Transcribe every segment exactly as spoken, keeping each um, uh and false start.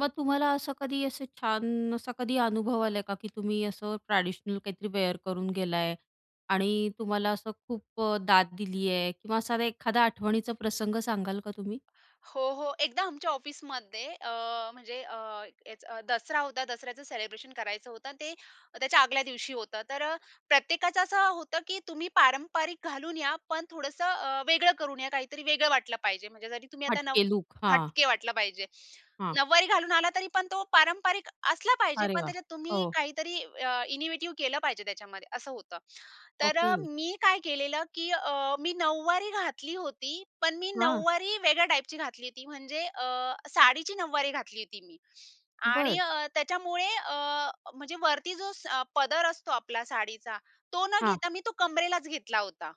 मग तुम्हाला असं कधी असं छान असा कधी अनुभव आला आहे का? की तुम्ही असं ट्रेडिशनल काहीतरी वेअर करून गेलाय आणि तुम्हाला असं खूप अ, दाद दिली आहे किंवा साधा एखादा आठवणीचा प्रसंग सांगाल का तुम्ही? हो, हो. एकदा आमच्या ऑफिसमध्ये अ, म्हणजे अ, हेच अ, दसरा होता. दसऱ्याचं सेलिब्रेशन करायचं होतं. अन् ते त्याच्या आदल्या दिवशी होतं. तर अ, प्रत्येकाचं असं होतं, की तुम्ही पारंपरिक घालून या पण थोडंसं अ, वेगळं करून या. काहीतरी वेगळं वाटलं पाहिजे. म्हणजे जरी तुम्ही आता नऊ हटके लूक, हां. हटके वाटलं पाहिजे. हां. नऊवारी घालून आला तरी पण तो पारंपरिक असला पाहिजे, अरे पण वाह! त्याच्यात तुम्ही हो. काहीतरी अ, इनीव्हेटिव्ह केलं पाहिजे त्याच्यामध्ये असं होतं. तर अ, ओके. मी काय केलेलं, की अ, मी नऊवारी घातली होती, पण मी हां. नऊवारी वेगळ्या टाइपची घातली होती. म्हणजे अ, साडीची नऊवारी घातली होती मी. आणि बरं. अ, त्याच्यामुळे अ, म्हणजे वरती जो स पदर असतो आपला साडीचा तो न हां. घेता मी तो कंबरेलाच घेतला होता.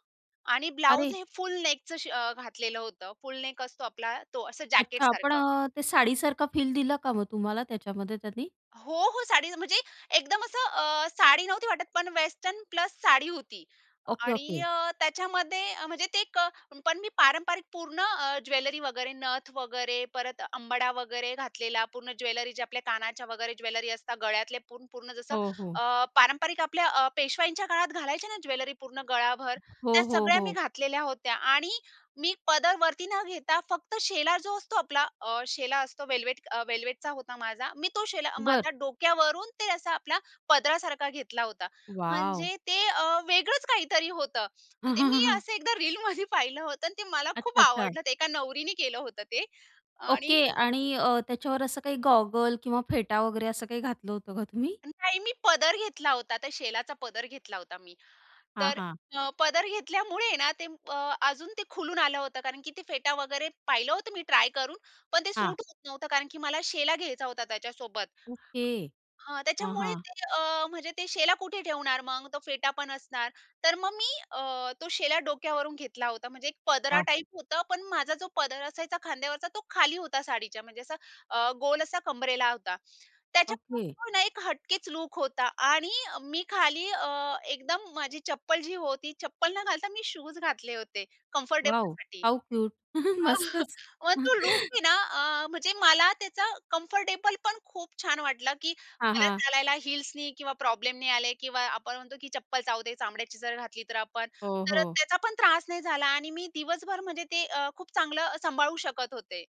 आणि ब्लाउज अरे! हे फुल नेकचं शि अ, घातलेलं होतं, फुल नेक असतो आपला तो असं अच्छा! पण जॅकेटसारखं. अ, ते साडीसारखा फील दिला का मग तुम्हाला त्याच्यामध्ये त्यानी? हो, हो. साडीच म्हणजे एकदम असं अ, साडी नव्हती वाटत पण वेस्टर्न प्लस साडी होती. ओके. आणि ओके. अ, त्याच्यामध्ये अ, म्हणजे ते क पण मी पारंपरिक पूर्ण अ, ज्वेलरी वगैरे नथ वगैरे, परत अंबाडा वगैरे घातलेला. पूर्ण ज्वेलरी ज्या आपल्या कानाच्या वगैरे ज्वेलरी असतात, गळ्यातले पूर्ण पूर्ण जसं हो, हो. अ, पारंपरिक आपल्या अ, पेशवाईंच्या काळात घालायचे ना ज्वेलरी पूर्ण गळाभर, हो, त्या हो, सगळ्या मी हो. घातलेल्या होत्या. आणि मी पदर वरती न घेता, फक्त शेला जो असतो आपला अ, शेला असतो वेल्वेट अ, वेल्वेटचा होता माझा. मी तो शेला बरं. माझ्या डोक्यावरून ते असा आपला पदरासारखा घेतला होता. वॉव! म्हणजे ते अ, वेगळंच काहीतरी होतं. अन् ते मी असं एकदा रीलमध्ये पाहिलं होतं अन् ते मला अच्छा. खूप अच्छा. आवडलं ते एका नवरीनी केलं होतं ते आणि ओके आणि अ, त्याच्यावर असं काही गॉगल किंवा फेटा वगैरे असं काही घातलं होतं का तुम्ही? नाही, मी पदर घेतला होता. त्या शेलाचा पदर घेतला होता मी. हां, तर हां. अ, पदर घेतल्यामुळे ना ते प अजून ते खुलून आलं होतं, कारण की ते फेटा वगैरे पाहिलं होतं मी ट्राय करून, पण ते हां. सूट होत नव्हतं, कारण की मला शेला घ्यायचा होता त्याच्यासोबत. ओके. हां, हां, त्याच्यामुळे हां. ते अ, म्हणजे ते शेला कुठे ठेवणार मग. तो फेटा पण असणार. तर मग मी अ, तो शेला डोक्यावरून घेतला होता. म्हणजे एक पदरा वाह! टाइप होतं पण माझा जो पदर असायचा खांद्यावरचा तो खाली होता साडीच्या म्हणजे असा अ, गोल असा कंबरेला होता. त्याच्यामुळे ओके. तो ना एक हटकेच लूक होता आणि अ, मी खाली अ, एकदम माझी चप्पल जी होती, चप्पल न घालता मी शूज घातले होते वॉव! कम्फर्टेबलसाठी. How cute! मस्तच. मग तो लूक मी ना अ, म्हणजे मला त्याचा कम्फर्टेबल पण खूप छान वाटलं, की हां, मला हां. चालायला हील्सनी किंवा प्रॉब्लेम नाही आले किंवा आपण म्हणतो, की चप्पल चावते चामड्याची जर घातली तर आपण. हो, तर हो. त्याचा पण त्रास नाही झाला आणि मी दिवसभर म्हणजे ते अ, खूप चांगलं अ, सांभाळू शकत होते.